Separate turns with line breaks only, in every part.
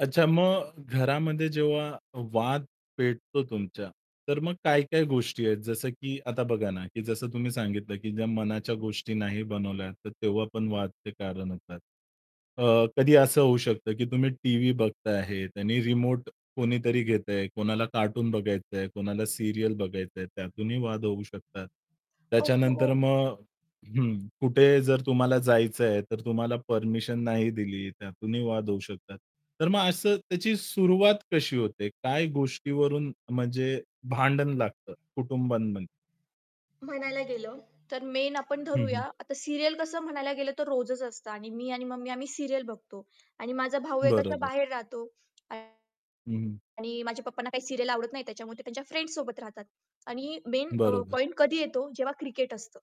अच्छा मग घरामध्ये जेव्हा वाद पेटतो तुमच्या, तर मग काय-काय गोष्टी आहेत, जसं की आता बघा ना की जसं तुम्ही सांगितलं की ज्या मनाच्या गोष्टी नाही बनवल्या तर तेव्हा पण वादचे कारण होतात. अ, कधी असं होऊ शकतं, की तुम्ही टीव्ही बघत आहे आणि रिमोट कोणीतरी घेतंय, कोणाला कार्टून बघायचंय, कोणाला सीरियल बघायचंय, त्यातूनही वाद होऊ शकतात.
ओहो!
त्याच्यानंतर मग हं, कुठे जर तुम्हाला जायचंय, तर तुम्हाला परमिशन नाही दिली त्यातूनही वाद होऊ शकतात. तर मग असं त्याची सुरुवात कशी होते? काय गोष्टीवरून म्हणजे भांडण लागतं कुटुंबांमध्ये?
म्हणायला गेलं, तर मेन आपण
हं,
धरूया
हं.
आता सीरियल कसं म्हणायला गेलं तर रोजच असतं आणि मी आणि मम्मी आम्ही सीरियल बघतो आणि माझा भाऊ आहे अशा
बरोबर.
बाहेर राहतो. आणि
हं, हं.
माझ्या पप्पांना काही सीरियल आवडत नाही त्याच्यामुळे ते त्यांच्या फ्रेंड्स सोबत राहतात. आणि मेन अ,
बरोबर.
पॉइंट कधी येतो जेव्हा क्रिकेट असतं.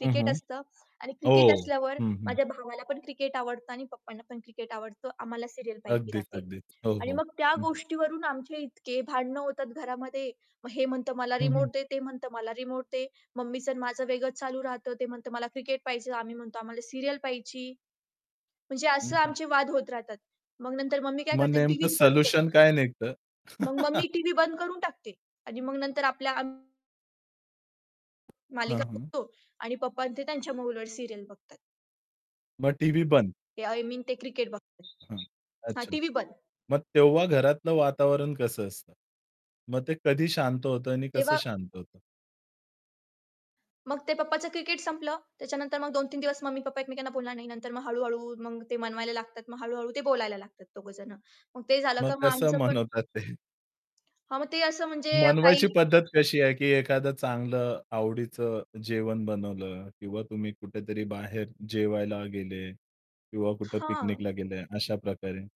हं, हं.
असतं आणि क्रिकेट
ओह!
असल्यावर,
हं, हं.
माझ्या भावाला पण क्रिकेट आवडतं आणि पप्पांना पण क्रिकेट आवडतं आम्हाला सीरियल पाहायची
अगदीच,
राहते.
अगदीच. हो,
आणि
हो.
मग त्या
हं, हं.
गोष्टीवरून आमचे इतके भांडणं होतात घरामध्ये, मग हे म्हणतं मला
हं, हं.
रिमोट दे, ते म्हणतं मला रिमोट दे, मम्मीचं आणि माझं वेगळंच चालू राहतं, ते म्हणतं मला क्रिकेट पाहिजे, आम्ही म्हणतो आम्हाला सीरियल पाहायची. म्हणजे
हं,
असं
हं.
आमचे वाद होत राहतात. मग नंतर मग मी काय
मग
करते
नेमकं
टीव्हीच बंद
सोल्युशन
करते.
काय निघतं?
मग मग मी टीव्ही बंद करून टाकते आणि मग नंतर आपल्या
हं,
मालिका
हं.
बघतो आणि पप्पा अन् ते त्यांच्या मोबाईलवर सीरियल बघतात.
मग टीव्ही बंद?
ए आय मीन ते क्रिकेट बघत.
हं,
हां,
अच्छा.
टीव्ही बंद.
मग तेव्हा घरातलं वातावरण कसं असतं? मग ते कधी शांत होतं आणि कसं
तेव्हा
शांत होतं?
मग ते पप्पाचं क्रिकेट संपलं, त्याच्यानंतर मग 2-3 दिवस मम्मी पप्पा एकमेकांना बोलणार नाही. नंतर मग हळू-हळू मग ते मनवायला लागतात. मग हळू-हळू ते बोलायला लागतात दोघं जण. मग ते झालं
मग
का मग
कसं
आमचं पण
मनवतात ते?
हां, मग ते असं म्हणजे काही
मनवायची पद्धत कशी आहे? की एखादं चांगलं आवडीचं जेवण बनवलं किंवा तुम्ही कुठेतरी बाहेर जेवायला गेले किंवा कुठे
हां.
पिकनिकला गेले अशा प्रकारे?